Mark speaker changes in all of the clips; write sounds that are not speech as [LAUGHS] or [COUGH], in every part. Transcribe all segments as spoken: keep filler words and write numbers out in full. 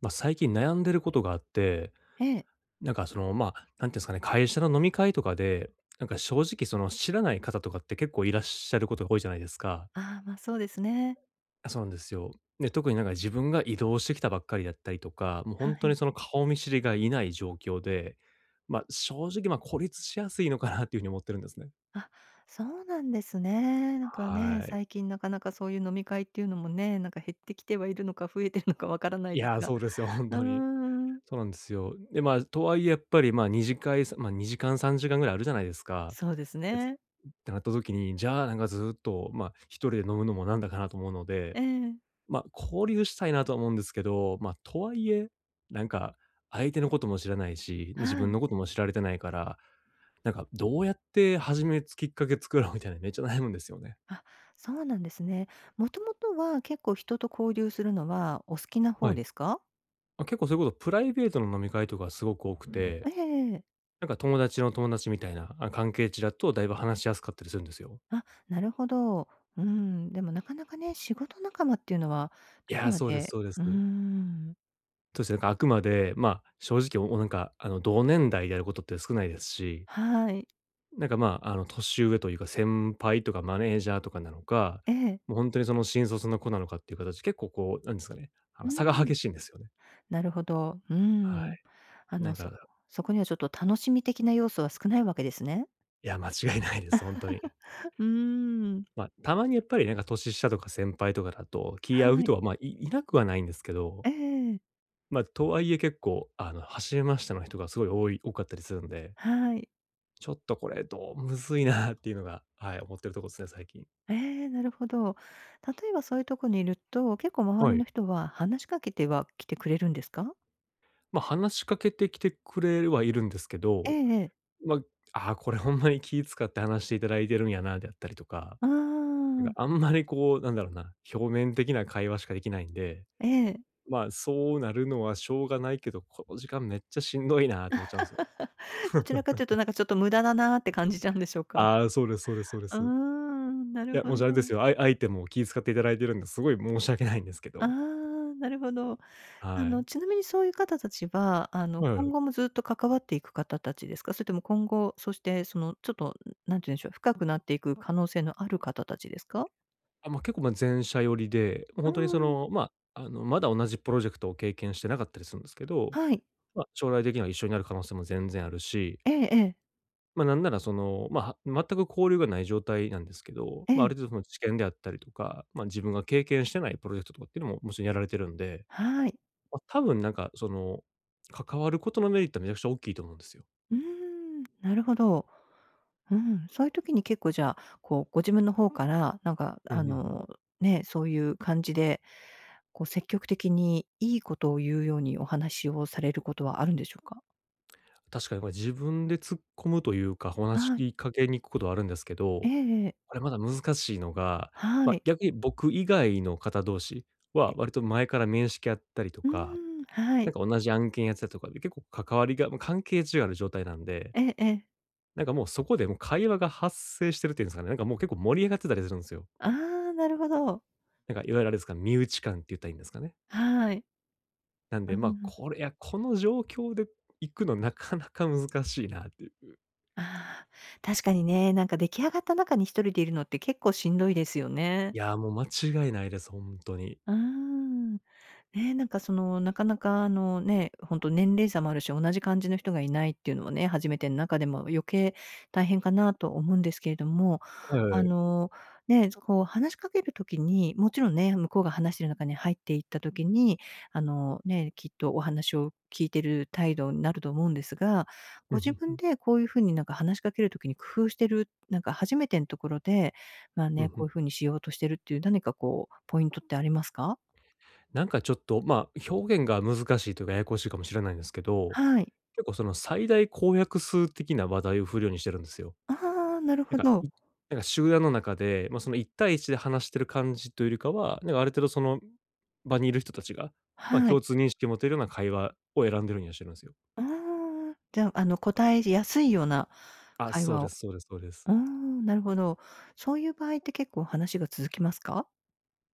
Speaker 1: ま、最近悩んでることがあって、
Speaker 2: ええ。
Speaker 1: なんかその、まあ、なんて言うんですかね、会社の飲み会とかで、なんか正直その知らない方とかって結構いらっしゃることが多いじゃないですか。
Speaker 2: ああ、ま、そうですね。
Speaker 1: あ、そうなんですよ。で、特になんか自分が異動してきたばっかりだったりとか、もうほ
Speaker 2: は
Speaker 1: んと
Speaker 2: い。
Speaker 1: にその顔見知りがいない状況で、ま、正直、ま、孤立しやすいのかなっていう風に思ってるんですね。
Speaker 2: あ、そうなんですね。なんかね、
Speaker 1: はい。
Speaker 2: 最近なかなかそういう飲み会っていうのもね、なんか減ってきてはいるのか増えているのかわからな
Speaker 1: い
Speaker 2: いです
Speaker 1: や、
Speaker 2: が。
Speaker 1: そうですよ、ほん
Speaker 2: う
Speaker 1: とに。
Speaker 2: ん。
Speaker 1: そうなんですよ。で、まあ、とはいえやっぱり、まあ、二次会、さまあ、にじかんさんじかんぐらいあるじゃないですか。
Speaker 2: そうです
Speaker 1: えつっ
Speaker 2: ね。
Speaker 1: てなった時に、じゃあなんかずっと、ま、一人で飲むのもなんだかなと思うの
Speaker 2: え
Speaker 1: で、
Speaker 2: え。
Speaker 1: ま、交流したいなあとは思うんですけど、ま、とはいえ、なんか、相手のことも知らないし、に自
Speaker 2: は
Speaker 1: 分
Speaker 2: い。
Speaker 1: のことも知られてないから、なんか、どうやって始めつきっかけ作ろうみたいなめっちゃ悩むんですよね。
Speaker 2: あ、そうなんですね。もともとは、結構人と交流するのは、お好きな
Speaker 1: は
Speaker 2: 方
Speaker 1: い。
Speaker 2: ですか？
Speaker 1: ま、結構それこそプライベートの飲み会とかすごく多くて。
Speaker 2: ええええええええ。
Speaker 1: なんか友達の友達みたいな、あ、関係値だとだいぶ話しやすかったりするんですよ。
Speaker 2: あ、なるほど。うん。でもなかなかね、仕事仲間っていうのは、
Speaker 1: い
Speaker 2: どこ
Speaker 1: や、
Speaker 2: ま
Speaker 1: そうです
Speaker 2: で
Speaker 1: そうで
Speaker 2: う
Speaker 1: す。
Speaker 2: ん。
Speaker 1: そうですね、なんかあくまで、ま、正直、おおなんか、あの同年代でやることって少ないですし。
Speaker 2: はい。
Speaker 1: なんかまあ、あの年上というか、先輩とかマネージャーとかなのか、
Speaker 2: ええ。
Speaker 1: もう本当にその新卒の子なのかっていう形、結構こう、なんですかね、あ
Speaker 2: う
Speaker 1: の差が
Speaker 2: ん。
Speaker 1: 激しいんですよね。
Speaker 2: なるほど。う
Speaker 1: は
Speaker 2: ん。
Speaker 1: い。
Speaker 2: あ
Speaker 1: な
Speaker 2: の
Speaker 1: ん
Speaker 2: そ
Speaker 1: か
Speaker 2: そこにはちょっと楽しみ的な要素は少ないわけですね。
Speaker 1: いや、間違いないです。ほんとに。
Speaker 2: [CHUCKLES] うーん。
Speaker 1: ま、たまにやっぱりなんか年下とか先輩とかだと、気合う
Speaker 2: はい。
Speaker 1: 人は、ま、いいなくはないんですけど
Speaker 2: ええ。
Speaker 1: ま、とはいえ結構、あの走れましたの人がすごい多い多かったりするんで
Speaker 2: はい。
Speaker 1: ちょっとこれどう、むずいなっていうのが、はい、思ってるとこっすね、最近。
Speaker 2: ええ、なるほど。例えばそういうとこにいると、結構周
Speaker 1: は
Speaker 2: り
Speaker 1: い。
Speaker 2: の人は話しかけては、来てくれるんですか？
Speaker 1: ま、話しかけてきてくれるはいるんですけ
Speaker 2: ええ
Speaker 1: ど、
Speaker 2: ええ。
Speaker 1: ま、ああこれほんまに気遣って話していただいてるんやなであったりとか。
Speaker 2: うー
Speaker 1: なんか
Speaker 2: ん。
Speaker 1: あんまりこうなんだろうな、表面的な会話しかできないんで、
Speaker 2: ええ。
Speaker 1: ま、そうなるのはしょうがないけど、この時間めっちゃしんどいなと思っちゃうんですよ。
Speaker 2: [LAUGHS] どちらかというと
Speaker 1: [CHUCKLES]
Speaker 2: なんかちょっと無駄だなって感じちゃうんでしょうか？
Speaker 1: ああ、そうですそうですそうで
Speaker 2: うー
Speaker 1: す。
Speaker 2: ん、な
Speaker 1: い
Speaker 2: る
Speaker 1: や、
Speaker 2: ほ
Speaker 1: もしあれです
Speaker 2: ど。
Speaker 1: よ、あい相手も気遣っていただいているんで、すごい申し訳ないんですけ
Speaker 2: あ
Speaker 1: ど。
Speaker 2: あ、なるほど。あ
Speaker 1: は
Speaker 2: の
Speaker 1: い。
Speaker 2: ちなみにそういう方たちは、あ
Speaker 1: え
Speaker 2: の
Speaker 1: え。
Speaker 2: 今後もずっと関わっていく方たちですか？それとも今後そしてそのちょっと、何て言うんでしょう、深くなっていく可能性のある方たちですか？
Speaker 1: あ、ま、結構まあ、前者寄りで、もうほ
Speaker 2: う
Speaker 1: んとにそ
Speaker 2: ん。
Speaker 1: の、ま、あの、まだ同じプロジェクトを経験してなかったりするんですけど、
Speaker 2: はい。
Speaker 1: ま、将来的には一緒になる可能性も全然あるし。
Speaker 2: ええ、え。
Speaker 1: ま、なんならその、ま、全く交流がない状態なんですけど、
Speaker 2: え
Speaker 1: ま、あ
Speaker 2: え。
Speaker 1: る程度その知見であったりとか、まあ自分が経験してないプロジェクトとかっていうのも、もちろんやられてるんで、
Speaker 2: はい。
Speaker 1: ま、多分なんかその、関わることのメリットはめちゃくちゃおっきいと思うんですよ。
Speaker 2: うーん、なるほど。うん、そういう時に結構じゃあこう、ご自分の方からなんか
Speaker 1: うんう
Speaker 2: あ
Speaker 1: んうん。
Speaker 2: のね、そういう感じで、こう積極的にいいことを言うようにお話をされることはあるんでしょうか？
Speaker 1: 確かにこれ自分で突っ込むというか、お話し
Speaker 2: はい。
Speaker 1: きかけに行くことはあるんですけ
Speaker 2: え
Speaker 1: ど、
Speaker 2: えええ。
Speaker 1: これまだ難しいのが、
Speaker 2: は
Speaker 1: ま、
Speaker 2: い。
Speaker 1: 逆に僕以外の方同士は
Speaker 2: え。
Speaker 1: 割と前から面識あったりと
Speaker 2: う
Speaker 1: か、
Speaker 2: ん、は
Speaker 1: な
Speaker 2: い。
Speaker 1: んか同じ案件やってたとかで、結構関わりがま、関係値ある状態なんで
Speaker 2: ええええ。
Speaker 1: なんかもうそこでもう会話が発生してるっていうんですかね、なんかもう結構盛り上がってたりするんすよ。
Speaker 2: ああ、なるほど。
Speaker 1: なんかいわゆるあれですか、身内感って言ったらいいんですかね。
Speaker 2: はい。
Speaker 1: なん
Speaker 2: あ、
Speaker 1: で、
Speaker 2: うう
Speaker 1: ま、
Speaker 2: ん。
Speaker 1: これやこの状況で行くのなかなか難しいなっていう。
Speaker 2: ああ、確かにね、なんか出来上がった中にひとりでいるのって結構しんどいですよ
Speaker 1: い
Speaker 2: ね。
Speaker 1: や、もう間違いないです。ほんとに。
Speaker 2: うーん。ね、なんかその、なかなかあのね、ほんと年齢差もあるし、同じ感じの人がいないっていうのもね、初めてん中でも、う余計大変かなと思うんですけれども、
Speaker 1: はいは
Speaker 2: あ
Speaker 1: い。
Speaker 2: の、ね、ぞこう話しかける時に、もちろんね、向こうが話してる中に入っていった時に、あの、ね、きっとお話を聞いてる態度になると思うんですが、
Speaker 1: ふ
Speaker 2: ご
Speaker 1: んふん
Speaker 2: 自
Speaker 1: ふ
Speaker 2: 分
Speaker 1: ん。
Speaker 2: でこういう風になんか話しかける時に工夫してる、なんか初めてんところで、まあ
Speaker 1: ふん
Speaker 2: ね、
Speaker 1: ふ
Speaker 2: こ
Speaker 1: ん。
Speaker 2: ういう風にしようとしてるっていう何かこうポイントってありますか？
Speaker 1: なんかちょっとま、表現が難しいというかややこしいかもしれないんですけど、
Speaker 2: はい。
Speaker 1: 結構その最大公約数的な話題を振るようにしてるんですよ。
Speaker 2: ああ、なる
Speaker 1: て
Speaker 2: ほ
Speaker 1: か、
Speaker 2: ど。
Speaker 1: うなんか、集団の中でまあ、その一対一で話してる感じというよりかは、なんかある程度その場にいる人たちが、ま、
Speaker 2: はい。
Speaker 1: 共通認識を持てるような会話を選んでるんやしのすよ。
Speaker 2: ああ、じゃあ、あの、こたえじやすいような
Speaker 1: あ、
Speaker 2: 会
Speaker 1: そう
Speaker 2: 話
Speaker 1: で
Speaker 2: を。
Speaker 1: すそうですそうです。
Speaker 2: うーん、なるほど。そういう場合って結構話が続きますか？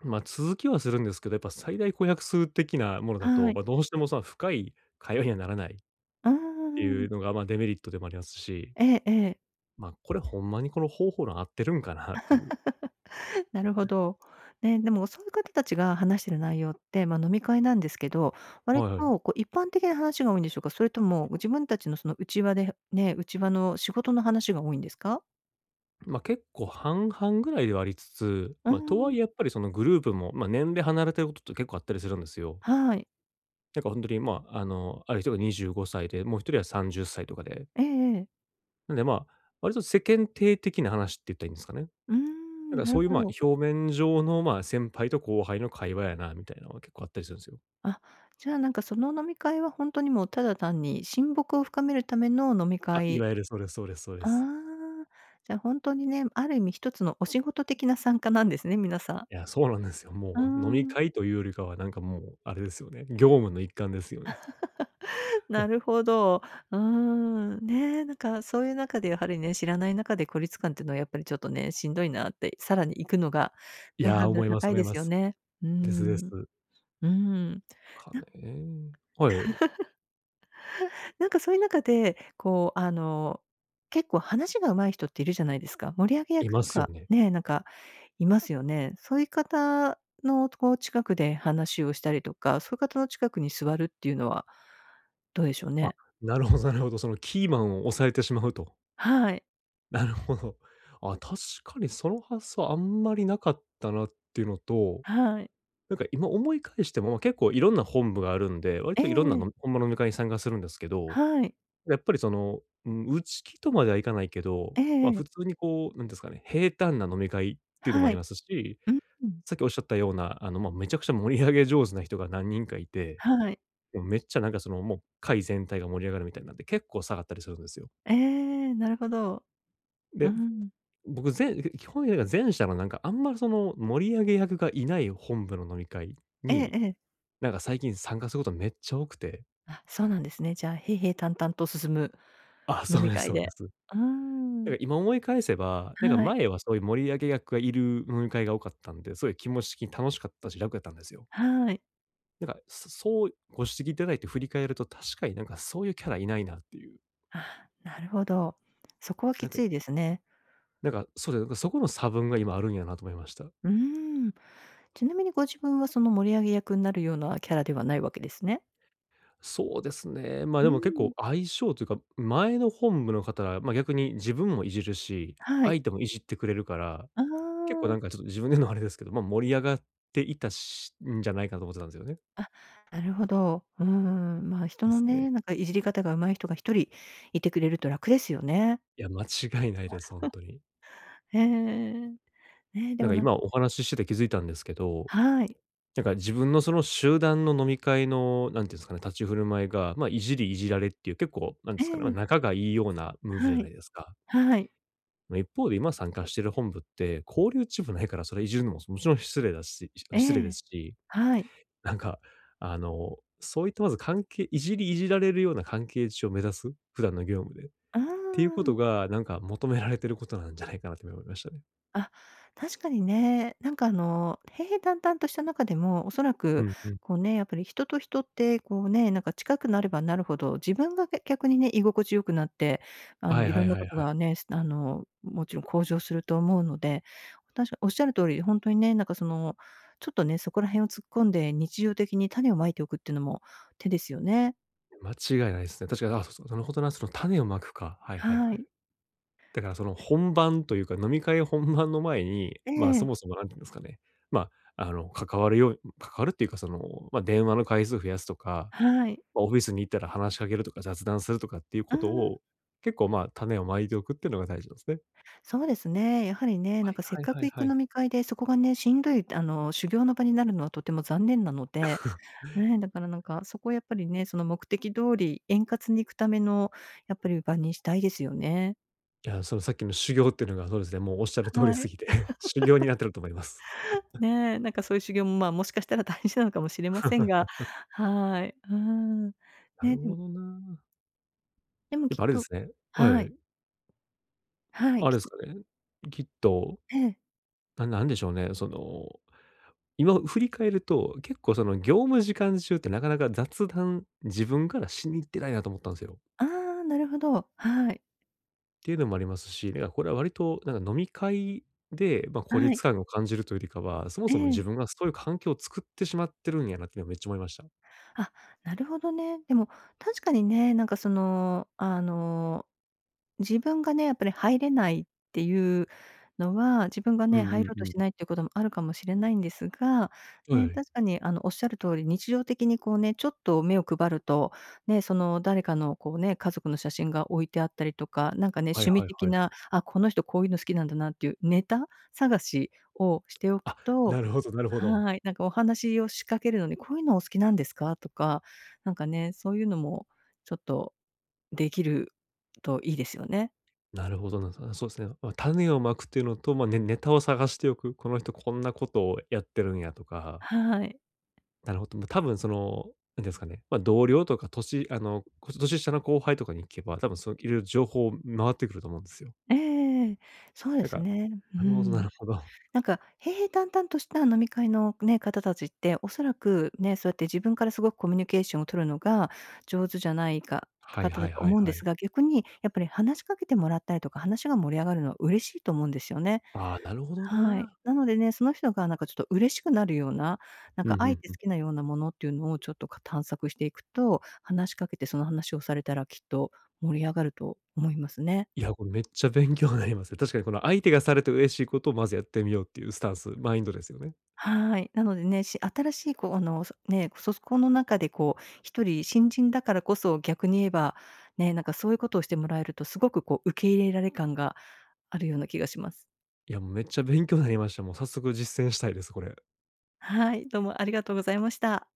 Speaker 1: ま、続きはするんですけど、やっぱ最大公約数的なものだ
Speaker 2: は
Speaker 1: と、
Speaker 2: い。
Speaker 1: ま、どうしてもそんな深い会話にはならないっ
Speaker 2: あ
Speaker 1: ていう
Speaker 2: あ。
Speaker 1: のが、ま、デメリットでもありますし。
Speaker 2: ええええ。
Speaker 1: ま、これほんまにこの方法論合ってるんかなっていう。
Speaker 2: [LAUGHS] なるほど。ね、でもそういう方たちが話している内容って、ま、飲み会なんですけど、割
Speaker 1: はいはい。
Speaker 2: とこう一般的な話が多いんでしょうか？それとも自分たちのその内輪で、ね、内輪の仕事の話が多いんですか？
Speaker 1: ん、ま、結構半々ぐらいではありつつ、
Speaker 2: う
Speaker 1: ま、とは
Speaker 2: ん。
Speaker 1: いえやっぱりそのグループも、ま、年齢離れてることって結構あったりするんですよ。
Speaker 2: はい。
Speaker 1: だから本当に、ま、あの、ある人がにじゅうごさいで、もうひとりはさんじゅっさいとかで。
Speaker 2: ええええ。
Speaker 1: なんで、ま、割と世間体的な話って言ったらいいんですかね。
Speaker 2: う
Speaker 1: なん
Speaker 2: ん、
Speaker 1: か
Speaker 2: な
Speaker 1: そ
Speaker 2: る
Speaker 1: ういう、
Speaker 2: ほ
Speaker 1: ま、
Speaker 2: ど。
Speaker 1: 表面上のまあ、先輩と後輩の会話やなみたいなのが結構あったりするんですよ。
Speaker 2: あ、じゃあなんかその飲み会は、本当にもうただ単に親睦を深めるための飲み
Speaker 1: あ、い
Speaker 2: 会
Speaker 1: わゆるそうですそうですそうで
Speaker 2: あ
Speaker 1: す。
Speaker 2: あ、じゃ、本当にね、ある意味ひとつのお仕事的な参加なんですね、皆さん。
Speaker 1: いや、そうなんですよ。
Speaker 2: う
Speaker 1: もう飲み
Speaker 2: ん。
Speaker 1: 会というよりかはなんかもう、あれですよね、業務の一環ですよね。
Speaker 2: [LAUGHS]
Speaker 1: うん。
Speaker 2: なるほど。うーん。ね、なんかそういう中でやはりね、知らない中で孤立感っていうのはやっぱりちょっとね、しんどいなって、さらに行くのが、
Speaker 1: い
Speaker 2: ね
Speaker 1: や、
Speaker 2: ハード
Speaker 1: 思
Speaker 2: ル
Speaker 1: いま
Speaker 2: 高
Speaker 1: す
Speaker 2: い
Speaker 1: 思い
Speaker 2: で
Speaker 1: ま
Speaker 2: すよ
Speaker 1: す。
Speaker 2: ね。う
Speaker 1: ですで
Speaker 2: ん。
Speaker 1: す。
Speaker 2: うん。
Speaker 1: か
Speaker 2: なん
Speaker 1: ね。はい。
Speaker 2: [LAUGHS] なんかそういう中でこうあの結構話が上手い人っているじゃないですか。盛り上げ
Speaker 1: い
Speaker 2: 役
Speaker 1: ま
Speaker 2: と
Speaker 1: すよ
Speaker 2: か、
Speaker 1: ね。
Speaker 2: ね、なんか、いますよね。そういう方のこう近くで話をしたりとか、そういう方の近くに座るっていうのはどうでしょう
Speaker 1: あ、
Speaker 2: ね。
Speaker 1: なるほどなるほど。そのキーマンを押さえてしまうと。
Speaker 2: はい。
Speaker 1: なるほど。あ、確かにその発想あんまりなかったなっていうのと、
Speaker 2: はい。
Speaker 1: なんか今思い返しても結構いろんな本部があるんで、割
Speaker 2: え
Speaker 1: といろんな
Speaker 2: え。
Speaker 1: のんほんま飲み会に参加するんですけど、
Speaker 2: はい。
Speaker 1: やっぱりその、ん内気とまではいかないけど、
Speaker 2: ええ
Speaker 1: ま、
Speaker 2: え
Speaker 1: 普
Speaker 2: え。
Speaker 1: 通にこうなんですかね、平坦な飲み会っていうのもあ
Speaker 2: は
Speaker 1: り
Speaker 2: い。
Speaker 1: ますし、
Speaker 2: うん。
Speaker 1: さっきおっしゃったような、あの、ま、めちゃくちゃ盛り上げ上手な人が何人かいて、
Speaker 2: はい。
Speaker 1: もうめっちゃなんかそのもう会全体が盛り上がるみたいなんで、結構下がったりするんですよ。
Speaker 2: ええ、なるほど。う
Speaker 1: で、
Speaker 2: ん。
Speaker 1: 僕ぜんいふ基本やいか前者のなんかあんま、その、盛り上げ役がいない本部の飲み会
Speaker 2: ええ
Speaker 1: に、
Speaker 2: ええ。
Speaker 1: なんか最近参加することめっちゃ多くて
Speaker 2: あ、そうなんですね。じゃあ平々淡々と進む
Speaker 1: あ、
Speaker 2: 飲
Speaker 1: そう
Speaker 2: み
Speaker 1: です、
Speaker 2: 会
Speaker 1: そうで
Speaker 2: で。
Speaker 1: す。
Speaker 2: うー
Speaker 1: なんか
Speaker 2: ん。
Speaker 1: 今思い返せば、なんか
Speaker 2: はい。
Speaker 1: 前はそういう盛り上げ役がいる飲み会が多かったんで、そういう気持ち的に楽しかったし、楽やったんですよ。
Speaker 2: はい。
Speaker 1: なんか、そそうご指摘いただいて振り返ると、確かになんかそういうキャラいないなっていう。
Speaker 2: あ、なるほど。そこはき
Speaker 1: なんか
Speaker 2: ついですね。
Speaker 1: なんか、そうで、そこの差分が今あるんやなと思いました。
Speaker 2: うん。ちなみにご自分はその盛り上げ役になるようなキャラではないわけですね？
Speaker 1: そうですね。ま、
Speaker 2: う
Speaker 1: でも結構
Speaker 2: ん。
Speaker 1: 相性というか、前の本部の方は、ま、逆に自分もいじるし、
Speaker 2: はい。
Speaker 1: 相手もいじってくれるから、
Speaker 2: あ
Speaker 1: 結構な
Speaker 2: あ。
Speaker 1: んかちょっと自分で言うのあれですけど、ま、盛り上がっていたしんじゃないかと思ってたんですよね。
Speaker 2: あ、なるほど。うん、ま、人
Speaker 1: で
Speaker 2: の
Speaker 1: すね。
Speaker 2: ね、なんかいじり方が上手い人がひとりいてくれると楽ですよね。
Speaker 1: いや、間違いないです。ほんとに。
Speaker 2: [CHUCKLES] ええ。ねで
Speaker 1: なん
Speaker 2: も
Speaker 1: か
Speaker 2: なん
Speaker 1: 今お話ししてて気づいたんですけど、
Speaker 2: はい。
Speaker 1: なんか自分のその集団の飲み会の、なんて言うんですかね、立ち振る舞いが、まあ、いじりいじられっていう結構なんで
Speaker 2: え
Speaker 1: すかね、ま、
Speaker 2: え。
Speaker 1: 仲がいいようなムーブじゃ
Speaker 2: は
Speaker 1: ない
Speaker 2: い、
Speaker 1: ですか。
Speaker 2: はい。
Speaker 1: まあ、一方で今参加している本部って、交流値もないからそれいじるのももちろん失礼だしし
Speaker 2: え
Speaker 1: 失礼で
Speaker 2: え、
Speaker 1: すし。
Speaker 2: はい。
Speaker 1: なんか、あの、そういったまず関係、いじりいじられるような関係値を目指す、普段の業務で。っ
Speaker 2: あ
Speaker 1: ていうこ
Speaker 2: あ。
Speaker 1: とがなんか求められていることなんじゃないかなって今思いましたね。
Speaker 2: あ、確かにね、なんか、あの、平平坦々とした中でも、おそら
Speaker 1: う
Speaker 2: く
Speaker 1: んうん。
Speaker 2: こうね、やっぱり人と人ってこうね、なんか近くなればなるほど、自分がけ逆にね、居心地良くなって、あの、
Speaker 1: はい
Speaker 2: い
Speaker 1: は
Speaker 2: ろん
Speaker 1: い
Speaker 2: な
Speaker 1: は
Speaker 2: こ
Speaker 1: い
Speaker 2: と
Speaker 1: はい。
Speaker 2: がね、すあの、もちろん向上すると思うので、確かにおっしゃる通り、本当にね、なんか、その、ちょっとね、そこら辺を突っ込んで、日常的に種を蒔いておくっていうのも手ですよね。
Speaker 1: う、間違いないすね。確かに、あ、すそのほんとなんすの種を蒔くか。はいはい
Speaker 2: は
Speaker 1: はい。
Speaker 2: い。
Speaker 1: だから、その本番というか、飲み会本番の前に、
Speaker 2: え
Speaker 1: ま、そ
Speaker 2: え。
Speaker 1: もそも何て言うんですかね、ま、あの、関わるように関わるっていうか、その、ま、電話の回数を増やすとか、
Speaker 2: はい。
Speaker 1: ま、オフィスに行ったら話しかけるとか、雑談するとかっていう
Speaker 2: あ
Speaker 1: こと
Speaker 2: あ。
Speaker 1: を、結構、ま、種を蒔いておくっていうのが大事なんですね。
Speaker 2: そうですね。やはり、ね、
Speaker 1: は
Speaker 2: なん
Speaker 1: い
Speaker 2: か、せっ
Speaker 1: はい
Speaker 2: か
Speaker 1: は
Speaker 2: く
Speaker 1: い
Speaker 2: 行
Speaker 1: は
Speaker 2: く
Speaker 1: い。
Speaker 2: 飲み会で、そこがね、しんどい、あの、修行の場になるのはとても残念なので、
Speaker 1: [CHUCKLES]
Speaker 2: ね、だから、なんか、そこをやっぱりね、その目的通り円滑にいくための、やっぱり、場にしたいですよね。
Speaker 1: いや、そのさっきの修行っていうのがそうですね、もうおっしゃる通
Speaker 2: は
Speaker 1: りす
Speaker 2: い。
Speaker 1: ぎて、修行に
Speaker 2: [LAUGHS]
Speaker 1: なってると思います。[CHUCKLES]
Speaker 2: ね、なんか、そういう修行も、ま、もしかしたら大事なのかもしれませんが、
Speaker 1: [LAUGHS]
Speaker 2: はい。うん。
Speaker 1: な
Speaker 2: ね、
Speaker 1: るほ
Speaker 2: ん。
Speaker 1: どな。
Speaker 2: でも、
Speaker 1: やっ
Speaker 2: きっ
Speaker 1: ぱ、あれで
Speaker 2: と
Speaker 1: すねは
Speaker 2: はい。
Speaker 1: い。
Speaker 2: はい。
Speaker 1: あれ
Speaker 2: き
Speaker 1: です
Speaker 2: っ
Speaker 1: かね。きっと
Speaker 2: ええ。
Speaker 1: なんなんでしょうね、その、今振り返ると、結構、その、業務時間中ってなかなか雑談、自分からしに行ってないなと思ったんすよ。
Speaker 2: あ、なるほど。はい。
Speaker 1: っていうのもありますし、みあ、これは、割となんか飲み会で、ま、孤
Speaker 2: はい。
Speaker 1: 立感を感じるというよりかは、そも
Speaker 2: え
Speaker 1: そも
Speaker 2: え。
Speaker 1: 自分がそういう環境を作ってしまってるんやなってのはめっちゃ思いました。
Speaker 2: あ、なるほどね。でも確かにね、なんかその、あの、自分がね、やっぱり入れないっていうのは、自分が
Speaker 1: う
Speaker 2: ね、
Speaker 1: ん
Speaker 2: 入
Speaker 1: うん
Speaker 2: ろう
Speaker 1: う
Speaker 2: として
Speaker 1: ん。
Speaker 2: ないっていうこともあるかもしれないんですが、
Speaker 1: は
Speaker 2: ね、
Speaker 1: い。
Speaker 2: 確かに、あの、おっしゃる通り日常的にこうね、ちょっと目を配ると、ね、その誰かのこうね、家族の写真が置いてあったりとか、なんか
Speaker 1: あ、
Speaker 2: ね、
Speaker 1: はい
Speaker 2: 趣味
Speaker 1: はい
Speaker 2: 的
Speaker 1: はい。
Speaker 2: な、あ、この人こういうの好きなんだなっていうネタ探しをしておく
Speaker 1: あ、
Speaker 2: と、
Speaker 1: なるほどなるほど。
Speaker 2: はい、なんかお話を仕掛けるのに、こういうのお好きなんですか？とか、なんかね、そういうのもちょっとできるといいですよね。
Speaker 1: なるほどな。なんすかね、そうですね。ま、種を蒔くっていうのと、ま、ネネタを探しておく、この人こんなことをやってるんやとか。
Speaker 2: はい。
Speaker 1: なるほどな。ま、多分その、なんて言うんですかね、ま、同僚とか年あの、こ年下の後輩とかに聞けば、多分そう、いろいろ情報、回ってくると思うんですよ。
Speaker 2: ええ。そうで
Speaker 1: なん
Speaker 2: す
Speaker 1: か
Speaker 2: ね。う
Speaker 1: なるほどな
Speaker 2: ん。
Speaker 1: るほど。
Speaker 2: なんか、平平淡々とした飲み会のね、方たちって、おそらくね、そうやって自分からすごくコミュニケーションを取るのが上手じゃないか
Speaker 1: はい
Speaker 2: 方
Speaker 1: は
Speaker 2: だ
Speaker 1: い
Speaker 2: と
Speaker 1: はい
Speaker 2: 思うんで
Speaker 1: は
Speaker 2: す
Speaker 1: い。
Speaker 2: が、逆にやっぱり話しかけてもらったりとか、話が盛り上がるのは嬉しいと思うんですよね。
Speaker 1: あ、なるほど
Speaker 2: はい。
Speaker 1: な。
Speaker 2: なのでね、その人がなんかちょっと嬉しくなるような、なん
Speaker 1: うん
Speaker 2: か、
Speaker 1: う
Speaker 2: あえ
Speaker 1: ん
Speaker 2: て
Speaker 1: う
Speaker 2: 好
Speaker 1: ん。
Speaker 2: きなようなものっていうのをちょっとか探索していくと、話しかけてその話をされたら、きっと盛り上がると思いますね。
Speaker 1: いや、これめっちゃ勉強になりますね。確かにこの、相手がされて嬉しいことをまずやってみようっていうスタンス、マインドですよね。
Speaker 2: はい。なのでねし新しいこう、あの、そね、そそこの中でこう一人新人だからこそ逆に言えばね、なんかそういうことをしてもらえると、すごくこう受け入れられ感があるような気がします。
Speaker 1: いや、めっちゃ勉強になりました。もう早速実践したいです、これ。
Speaker 2: はい、どうもありがとうございました。